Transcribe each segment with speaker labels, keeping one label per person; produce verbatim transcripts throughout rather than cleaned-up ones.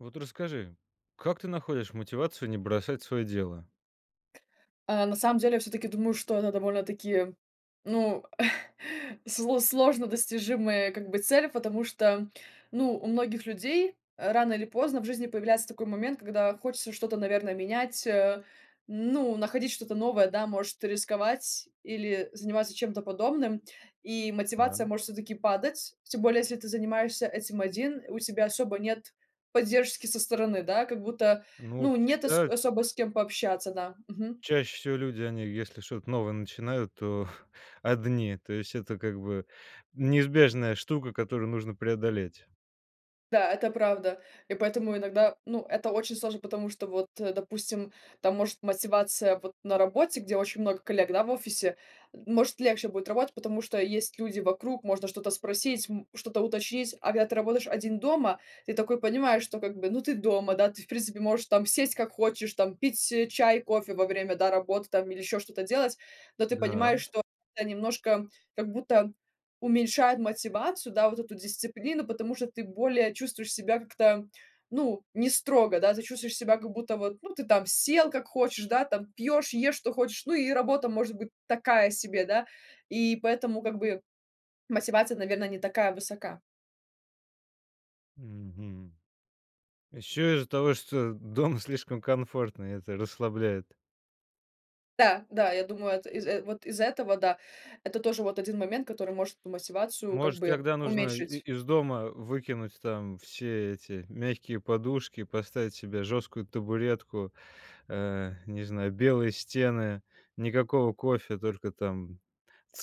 Speaker 1: Вот расскажи, как ты находишь мотивацию не бросать свое дело?
Speaker 2: Э, на самом деле, я всё-таки думаю, что это довольно-таки, ну, сл сложно достижимая, как бы, цель. Потому что, ну, у многих людей рано или поздно в жизни появляется такой момент, когда хочется что-то, наверное, менять. Ну, находить что-то новое, да, может, рисковать или заниматься чем-то подобным. И мотивация
Speaker 1: Правильно.
Speaker 2: может всё-таки падать. Тем более, если ты занимаешься этим один, у тебя особо нет поддержки со стороны, да, как будто,
Speaker 1: Ну,
Speaker 2: ну, нет ос
Speaker 1: всегда
Speaker 2: особо с кем пообщаться, да, мгм.
Speaker 1: Чаще всего люди, они если что-то новое начинают, то одни, то есть это, как бы, неизбежная штука, которую нужно преодолеть.
Speaker 2: Да, это правда. И поэтому иногда, ну, это очень сложно. Потому что вот, э, допустим, там может мотивация вот на работе, где очень много коллег, да, в офисе, может легче будет работать, потому что есть люди вокруг, можно что-то спросить, м что-то уточнить. А когда ты работаешь один дома, ты такой понимаешь, что как бы, ну, ты дома, да, ты, в принципе, можешь там сесть как хочешь, там пить чай, кофе во время, да, работы там или ещё что-то делать. Но ты
Speaker 1: Да.
Speaker 2: понимаешь, что это немножко как будто уменьшает мотивацию, да, вот эту дисциплину. Потому что ты более чувствуешь себя как-то, ну, не строго, да, ты чувствуешь себя как будто вот, ну, ты там сел как хочешь, да, там пьешь, ешь что хочешь, ну, и работа может быть такая себе, да. И поэтому, как бы, мотивация, наверное, не такая высока.
Speaker 1: Мгм. Еще из-за того, что дом слишком комфортный,- это расслабляет.
Speaker 2: Да, да, я думаю, это из э, вот из-за этого, да. Это тоже вот один момент, который может эту мотивацию как
Speaker 1: Может,
Speaker 2: бы
Speaker 1: тогда нужно и
Speaker 2: уменьшить.
Speaker 1: из дома выкинуть там все эти мягкие подушки, поставить себе жесткую табуретку, э, не знаю, белые стены, никакого кофе, только там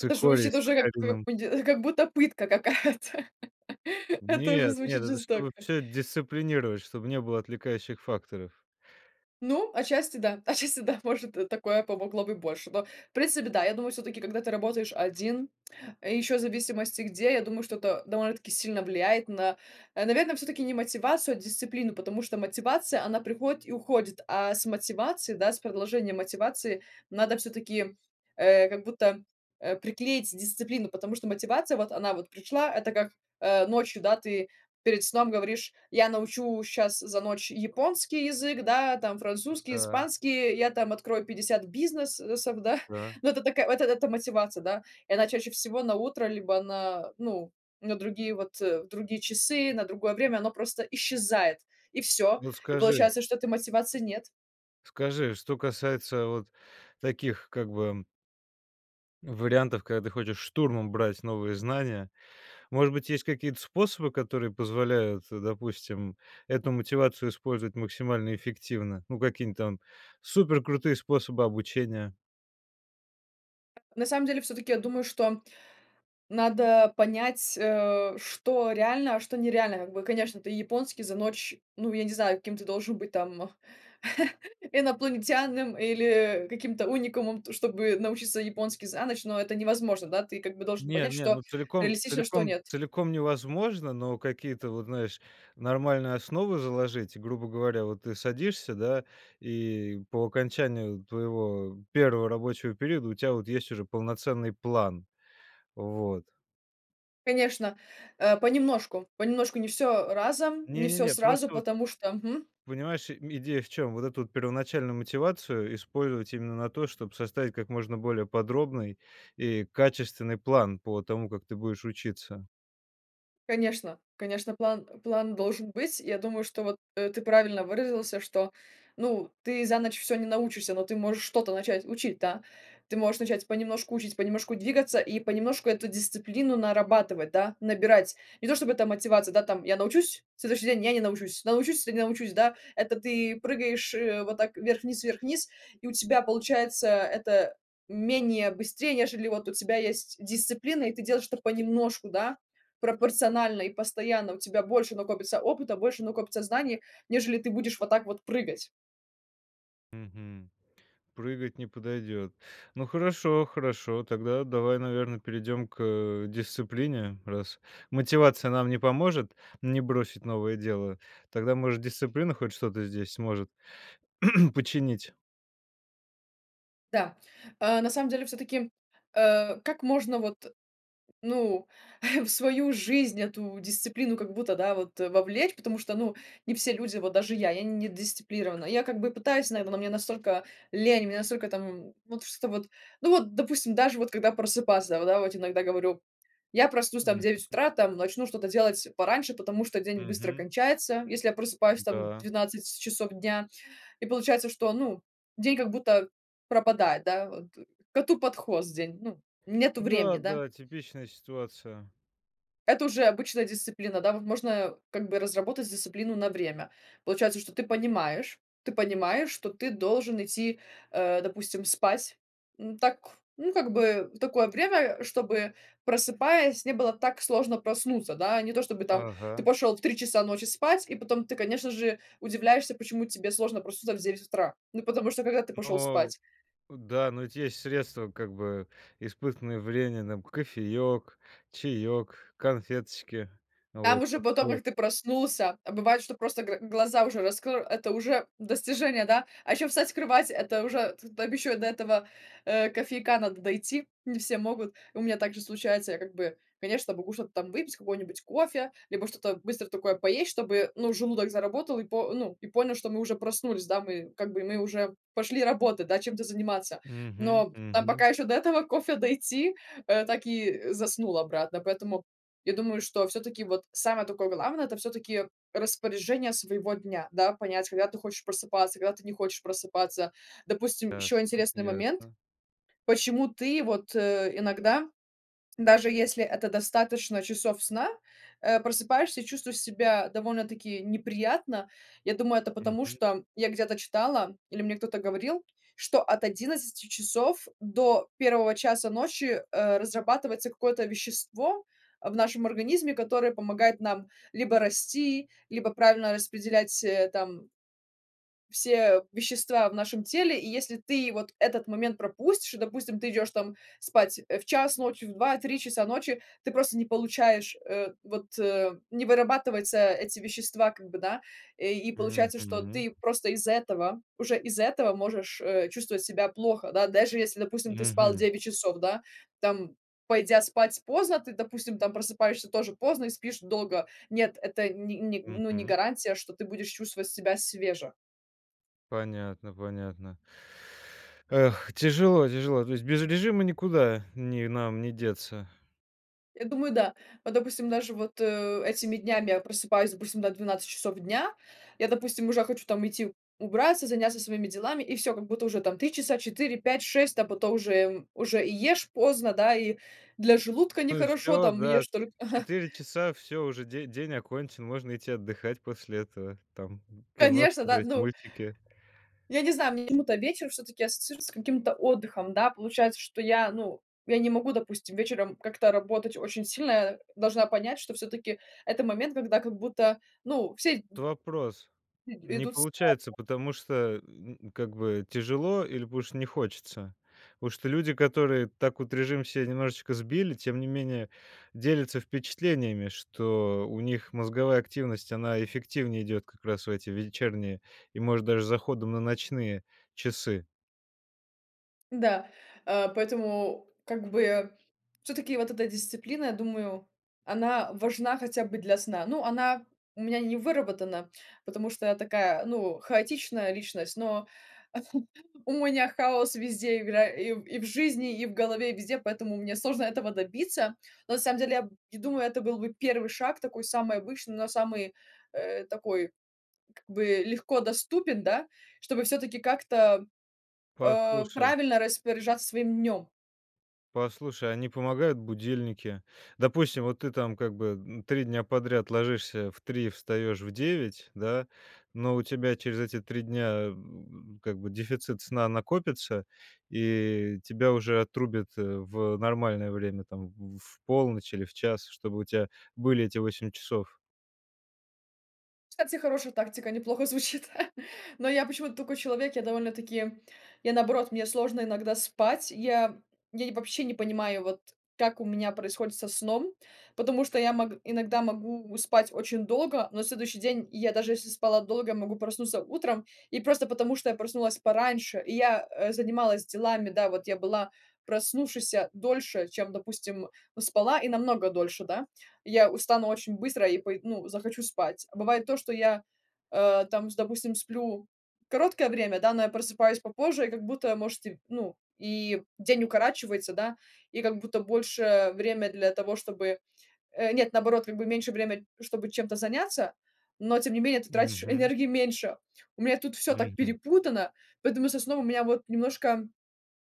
Speaker 2: Это же вообще
Speaker 1: с
Speaker 2: уже как
Speaker 1: сахарином.
Speaker 2: пынди как будто пытка какая-то. Это уже
Speaker 1: Нет, нет,
Speaker 2: звучит
Speaker 1: это
Speaker 2: жестоко.
Speaker 1: чтобы всё дисциплинировать, чтобы не было отвлекающих факторов.
Speaker 2: Ну, отчасти да, отчасти да, может, э, такое помогло быть больше. Но, в принципе, да, я думаю, всё-таки, когда ты работаешь один, еще в зависимости где, я думаю, что это довольно-таки сильно влияет на, наверное, всё-таки не мотивацию, а дисциплину. Потому что мотивация- она приходит и уходит, а с мотивации, да, с продолжением мотивации надо всё-таки, э, как будто, э, приклеить дисциплину. Потому что мотивация- вот она вот пришла, это как, э, ночью, да, ты перед сном говоришь: "Я научу щас за ночь японский язык, да, там французский,
Speaker 1: Да.
Speaker 2: испанский, я там открою пятьдесят бизнес сов, да".
Speaker 1: Да.
Speaker 2: Ну, это такая, вот, это мотивация, да. И она чаще всего на утро либо на, ну, на другие, вот, другие часы, на другое время оно просто исчезает и всё.
Speaker 1: Вот
Speaker 2: И
Speaker 1: скажи
Speaker 2: получается, что этой мотивации нет.
Speaker 1: скажи, что касается вот таких как бы ну вариантов, когда ты хочешь штурмом брать новые знания. Может быть, есть какие-то способы, которые позволяют, э, допустим, эту мотивацию использовать максимально эффективно? Ну, какие-нибудь там суперкрутые способы обучения?
Speaker 2: На самом деле, всё-таки, я думаю, что надо понять, а, что реально, а что нереально, как бы. Конечно, ты японский за ночь, ну, я не знаю, каким ты должен быть, там, инопланетянином или каким-то уникумом, т чтобы научиться японский за ночь, но это невозможно. Да ты, как бы, должен
Speaker 1: Не,
Speaker 2: понять,
Speaker 1: не,
Speaker 2: что
Speaker 1: ну, целиком
Speaker 2: реалистично, а что
Speaker 1: целиком
Speaker 2: нет.
Speaker 1: целиком невозможно, но какие-то, вот, знаешь, нормальные основы заложить. И, грубо говоря, вот, ты садишься, да, и по окончанию твоего первого рабочего периода у тебя, вот, есть уже полноценный план. Вот.
Speaker 2: Конечно, э, понемножку, понемножку, не всё разом, не
Speaker 1: Не, не,
Speaker 2: всё
Speaker 1: не,
Speaker 2: сразу,
Speaker 1: просто, вот
Speaker 2: потому что мгм.
Speaker 1: понимаешь, ми идея в чем? Вот эту, вот, первоначальную мотивацию использовать именно на то, чтоб составить как можно более подробный и качественный план по тому, как ты будешь учиться.
Speaker 2: Конечно. Конечно, план план должен быть. Я думаю, что, вот, э, ты правильно выразился. Что, ну, ты за ночь всё не научишься, но ты можешь что-то начать учить, да? Ты можешь начать понемножку учить, понемножку двигаться и понемножку эту дисциплину нарабатывать, да, набирать. Не то чтобы эта мотивация, да, там, я научусь, следующий день- я не научусь, научусь или не научусь, да. Это ты прыгаешь, э, вот так вверх-вниз, вверх-вниз, и у тебя получается это менее быстрее, нежели, вот, у тебя есть дисциплина, и ты делаешь это понемножку, да, пропорционально и постоянно. У тебя больше накопится опыта, больше накопится знаний, нежели ты будешь вот так вот прыгать.
Speaker 1: Мгм. Прыгать не подойдет, ну хорошо хорошо, тогда давай, наверное, перейдем к, э, дисциплине раз мотивация нам не поможет, не бросить новое дело, тогда может дисциплина хоть что то здесь сможет починить.
Speaker 2: Да, э, на самом деле всё таки, э, как можно вот ну в свою жизнь эту дисциплину, как будто, да, вот вовлечь, потому что ну не все люди вот даже я я не дисциплирована. Я как бы пытаюсь, наверно, но мне настолько лень, настолько там, м, вот что вот. Ну вот, допустим, даже вот когда просыпаться, да, воть иногда говорю: "Я проснусь там в
Speaker 1: М,
Speaker 2: девять
Speaker 1: мгм.
Speaker 2: утра, там, начну что-то делать пораньше, потому что день быстро
Speaker 1: Мгм.
Speaker 2: кончается, если я просыпаюсь там
Speaker 1: Да.
Speaker 2: двенадцать часов дня", и получается, что ну день как будто пропадает, да, вот, коту под хвост день, ну, нету времени, да.
Speaker 1: Да-да, типичная ситуация.
Speaker 2: Это уже обычная дисциплина, да, вот можно, как бы, разработать дисциплину на время. Получается, что ты понимаешь ты понимаешь, что ты должен идти, э, допустим, спать, ну так, ну, как бы, такое время, чтобы просыпаясь не было так сложно проснуться, да, не то чтобы там ты
Speaker 1: Ага.
Speaker 2: пошёл в три часа ночи спать и потом ты, конечно же, удивляешься, почему тебе сложно проснуться в девять утра. Ну потому что когда ты пошёл
Speaker 1: Но.
Speaker 2: спать?
Speaker 1: Да, но ведь есть средства, как бы испытанные врененым кофеёк, чаёк, конфеточки.
Speaker 2: Там
Speaker 1: Вот
Speaker 2: уже
Speaker 1: чтоб
Speaker 2: потом,
Speaker 1: сло
Speaker 2: как ты проснулся, а бывает, что просто гр глаза уже раскрл. Это уже достижение, да? А ещё встать, с кровати это уже тут ещё и до этого, э, кофейка надо дойти. Не все могут. У меня также случается, я как бы, конечно, могу что-то там выпить, какой-нибудь кофе, либо что-то быстро такое поесть, чтобы, ну, желудок заработал и по ну, и понял, что мы уже проснулись, да. Мы как бы мы уже пошли работать, да, чем-то заниматься.
Speaker 1: Мгм
Speaker 2: Но там
Speaker 1: мгм.
Speaker 2: пока еще до этого кофе дойти, э, так и заснул обратно. Поэтому я думаю, что всё таки вот самое такое главное- это всё таки распоряжение своего дня. Да, понять, когда ты хочешь просыпаться, когда ты не хочешь просыпаться. Допустим, еще
Speaker 1: Ясно
Speaker 2: интересный момент,
Speaker 1: ясно.
Speaker 2: почему ты вот иногда, даже если это достаточно часов сна, э, просыпаешься и чувствуешь себя довольно таки неприятно. Я думаю, это потому,
Speaker 1: Мгм.
Speaker 2: что я где-то читала или мне кто-то говорил, что от одиннадцати часов до первого часа ночи, э, разрабатывается какое-то вещество в нашем организме, которое помогает нам либо расти, либо правильно распределять, э, там все вещества в нашем теле, и если ты вот этот момент пропустишь, и, допустим, ты идешь там спать в час ночи, в два три часа ночи, ты просто не получаешь, э, вот, не вырабатывается эти вещества как бы да, э, и получается, что
Speaker 1: Мгм.
Speaker 2: ты просто из этого уже из этого можешь, э, чувствовать себя плохо, да. Даже если, допустим, ты спал
Speaker 1: Мгм.
Speaker 2: девять часов, да, там пойдя спать поздно, ты, допустим там, просыпаешься тоже поздно, и спишь долго. Нет, это не не ну не
Speaker 1: Мгм.
Speaker 2: гарантия, что ты будешь чувствовать себя свеже.
Speaker 1: Понятно, понятно. Эх, тяжело, тяжело. То есть без режима никуда ни нам не деться.
Speaker 2: Я думаю, да. Вот, допустим, даже вот, э, этими днями я просыпаюсь, допустим, да, в двенадцать часов дня, я, допустим, уже хочу там идти убраться, заняться своими делами, и всё как будто уже там три часа, четыре, пять, шесть, а потом уже уже и ешь поздно, да и для желудка
Speaker 1: Ну и
Speaker 2: нехорошо,
Speaker 1: всё,
Speaker 2: там
Speaker 1: да,
Speaker 2: ешь только ага.
Speaker 1: четыре часа, всё уже де день окончен, можно идти отдыхать после этого, там кино
Speaker 2: Конечно, да,
Speaker 1: смотреть,
Speaker 2: ну.
Speaker 1: мультики.
Speaker 2: Я не знаю, мне почему-то вечер всё-таки ассоциируется с каким-то отдыхом. Да, получается, что я, ну, я не могу, допустим, вечером как-то работать очень сильно. Я должна понять, что всё-таки это момент, когда как будто, ну, все д
Speaker 1: Вот вопрос.
Speaker 2: и
Speaker 1: Не
Speaker 2: идут спать.
Speaker 1: получается, потому что, м, как бы тяжело или потому что не хочется? Потому что люди, которые так вот режим себе немножечко сбили, тем не менее делятся впечатлениями, что у них мозговая активность, она эффективнее идет как раз в эти вечерние и, может даже, с заходом на ночные часы.
Speaker 2: Да, а, поэтому как бы всё-таки вот эта дисциплина, я думаю, она важна хотя бы для сна. Ну, она у меня не выработана, потому что я такая, ну, хаотичная личность, но у меня хаос везде игра: и и в жизни, и в голове, и везде, поэтому мне сложно этого добиться. Но на самом деле, я д думаю, это был бы первый шаг такой самый обычный, но самый, э, такой как бы легко доступен, да, чтобы всё-таки как-то, а,
Speaker 1: Послушай
Speaker 2: правильно распоряжаться своим днм.
Speaker 1: послушай, а не помогают будильники? Допустим, вот ты там как бы н три дня подряд ложишься в три, встаешь в девять, да, но у тебя через эти три дня, м, как бы, дефицит сна накопится, и тебя уже отрубит в нормальное время там в полночь или в час, чтобы у тя были эти восемь часов.
Speaker 2: Кстати, хорошая тактика, неплохо звучит. Но я почему-то такой человек. Я довольно-таки я наоборот, мне сложно иногда спать. Я я ни вообще не понимаю, вот, как у меня происходит со сном. Потому что я мог иногда могу спать очень долго, но на следующий день я, даже если спала долго, могу проснуться утром. И просто потому, что я проснулась пораньше, и я, э, занималась делами. Да, вот, я была проснувшейся дольше, чем, допустим, спала, и намного дольше, да. Я устану очень быстро и пой ну, захочу спать. А бывает то, что я, а, там, с допустим, сплю короткое время, да, но я просыпаюсь попозже, и, как будто, может, и, ну, и день укорачивается, да, и, как будто, больше время для того, чтобы, э Нет, наоборот, как бы, меньше время, чтобы чем-то заняться, но тем не менее ты тратишь
Speaker 1: Мгм.
Speaker 2: энергии меньше. У меня тут всё так
Speaker 1: Мгм.
Speaker 2: перепутано, поэтому со сном у меня, вот, немножко,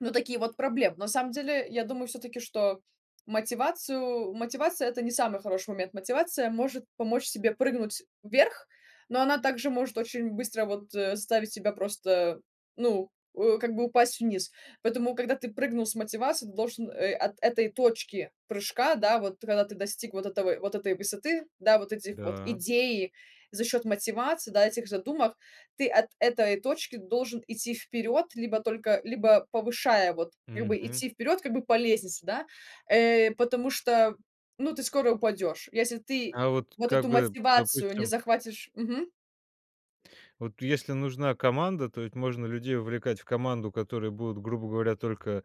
Speaker 2: ну, такие вот проблемы. Но на самом деле я думаю всё-таки, что мотивацию мотивация- это не самый хороший момент. Мотивация может помочь тебе прыгнуть вверх, но она также может очень быстро, вот, э, заставить тебя просто, ну, у как бы, упасть вниз. Поэтому, когда ты прыгнул с мотивации, ты должен, э, от этой точки прыжка, да, вот, когда ты достиг вот этого вот этой высоты, да, вот этих вот
Speaker 1: Да.
Speaker 2: идей за счет мотивации, да, этих задумок. Ты от этой точки должен идти вперед либо только, либо повышая, вот, как бы,
Speaker 1: Мгм.
Speaker 2: идти вперед, как бы, по лестнице, да. Э, потому что, ну, ты скоро упадешь, если ты,
Speaker 1: А вот,
Speaker 2: вот,
Speaker 1: как
Speaker 2: эту
Speaker 1: бы,
Speaker 2: мотивацию не
Speaker 1: допустим
Speaker 2: захватишь. Мгм.
Speaker 1: Вот, если нужна команда, то ведь можно людей вовлекать в команду, которые будут, грубо говоря, только,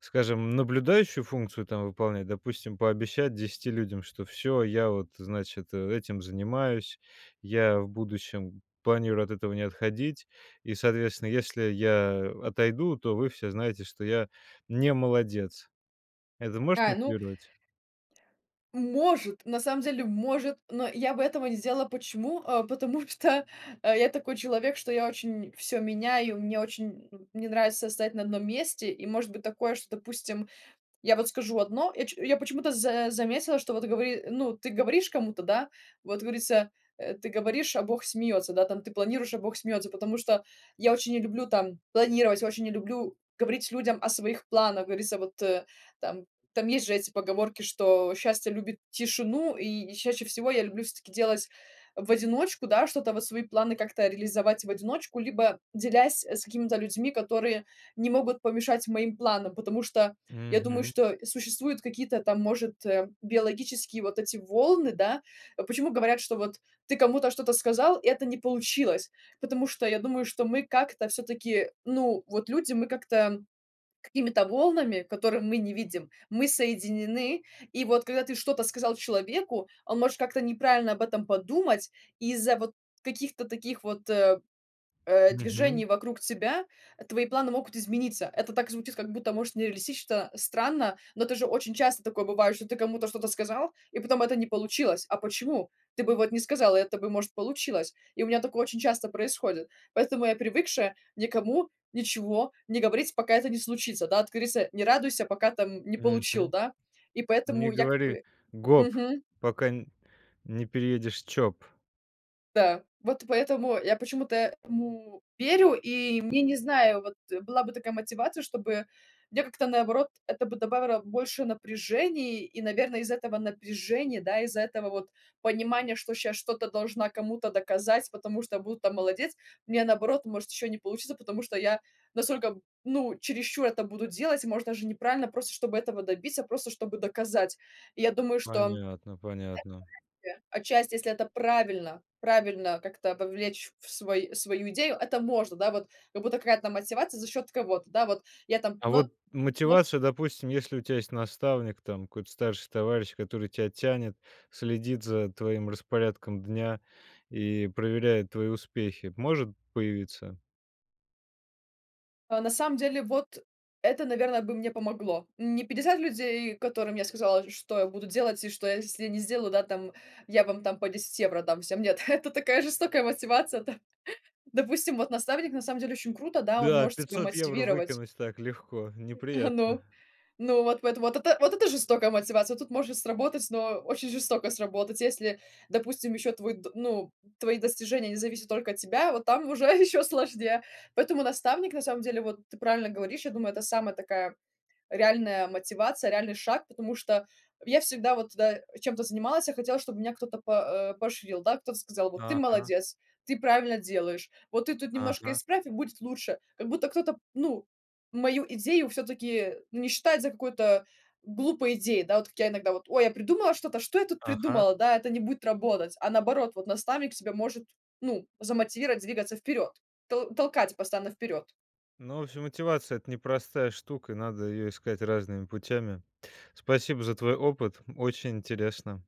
Speaker 1: скажем, наблюдающую функцию, там, выполнять. Допустим, пообещать десяти людям, что всё, я, вот, значит, этим занимаюсь, я в будущем планирую от этого не отходить, и, соответственно, если я отойду, то вы все знаете, что я не молодец. Это может
Speaker 2: А, ну
Speaker 1: мотивировать?
Speaker 2: Может, на самом деле, может, но я бы этого не сделала. Почему? А потому что я такой человек, что я очень всё меняю, и мне очень, ну, не нравится стоять на одном месте. И может быть такое, что, допустим, я, вот, скажу одно, я че почему-то за заметила, что, вот, гово ну, ты говоришь кому-то, да. Вот говорится, э: ты говоришь, а Бог смеется, да, там, ты планируешь, а Бог смеется. Потому что я очень не люблю, там, планировать, очень не люблю говорить людям о своих планах. Говорится, вот, там. Там есть же эти поговорки, что "Счастье любит тишину" И чаще всего я люблю, всё-таки, делать в одиночку, да, что-то, вот, свои планы как-то реализовать в одиночку, либо делясь, э, с какими-то людьми, которые не могут помешать моим планам. Потому что, я думаю,
Speaker 1: Мгм.
Speaker 2: что существуют какие-то, там, может, а, биологические, вот, эти волны, да? Почему говорят, что, вот, ты кому-то что-то сказал и это не получилось? Потому что, я думаю, что мы как-то, всё-таки, ну, вот, люди, мы как-то какими-то волнами, которые мы не видим, мы соединены. И, вот, когда ты что-то сказал человеку, он может как-то неправильно об этом подумать. Из-за, вот, каких-то таких, вот, э,
Speaker 1: Мгм.
Speaker 2: движений вокруг тебя, твои планы могут измениться. Это так звучит, как будто, может, нереалистично, странно, но это же очень часто такое бывает, что ты кому-то что-то сказал, и потом это не получилось. А почему? Ты бы, вот, не сказал, и это бы, может, получилось. И у меня такое очень часто происходит. Поэтому я привыкшая никому ничего не говорить, пока это не случится. Да, как говорится: "Не радуйся, пока там не получил",
Speaker 1: Мгм.
Speaker 2: да? И
Speaker 1: Не
Speaker 2: поэтому я как
Speaker 1: говори
Speaker 2: бы
Speaker 1: "гоп",
Speaker 2: Мгм.
Speaker 1: пока н не переедешь Чоп.
Speaker 2: Да, вот и поэтому, я почему-то этому верю. И мне, не знаю, вот была бы такая мотивация, чтобы мне как-то, наоборот, это бы добавиро больше напряжений. И, наверное, из этого напряжения, да. Из-за этого вот понимания, что щас что-то должна кому-то доказать. Потому что буду там молодец, у меня, наоборот, может еще не получится. Потому что я настолько, ну чересчур это буду делать. Может, даже неправильно. Просто чтобы этого добиться, просто чтобы доказать. И я думаю, что,
Speaker 1: Понятно, понятно.
Speaker 2: отчасти отчасти, если это правильно, правильно как-то вовлечь в свой свою идею. Это может, да, вот как будто какая-то мотивация за счет кого-то, да, вот я там,
Speaker 1: А
Speaker 2: но
Speaker 1: вот
Speaker 2: но
Speaker 1: мотивация, допустим, если у тебя есть наставник. Там какой-то старший товарищ, который тебя тянет. Следит за, твоим распорядком дня. И, проверяет твои успехи, может появиться?
Speaker 2: А, на самом деле вот это, наверное, бы мне помогло. Не пятьдесят людей, которым я сказала, что я буду делать и что если не сделаю, да, там я вам там по десять евро дам всем, нет. Это такая жестокая мотивация, да. Допустим, вот наставник на самом деле очень круто, да, он
Speaker 1: Да,
Speaker 2: может тебя
Speaker 1: пятьсот евро
Speaker 2: мотивировать.
Speaker 1: выкинуть так легко, неприятно.
Speaker 2: Ну. Ну, вот вот вот эт вот это жестокая мотивация. Вот тут может сработать, но, э, очень жестоко сработать. Если, допустим, ещё твой д ну, твои достижения не зависят только от тебя, вот там уже еще сложнее. Поэтому наставник на самом деле, вот ты правильно говоришь. Я думаю, это самая такая реальная мотивация. Реальный шаг. Потому что я всегда вот, да, э, чем-то занималась. Я хотела, чтобы меня кто-то по э, поощрил, да. Кто-то сказал: "Вот ты
Speaker 1: Ага.
Speaker 2: молодец, ты правильно делаешь. Вот ты тут немножко
Speaker 1: Ага.
Speaker 2: исправь, и будет лучше". Как будто кто-то, ну, мою идею всё-таки, не считает за какую-то глупой идеей. Да, вот как я иногда вот: "Ой, я придумала что-то. Что я тут
Speaker 1: Ага.
Speaker 2: придумала, да. Это не будет работать". А наоборот, вот наставник тебя может, ну, замотивировать двигаться вперед, тол толкать постоянно вперед.
Speaker 1: Ну, ф мотивация- это непростая штука. Надо ее искать разными путями. Спасибо за твой опыт, очень интересно.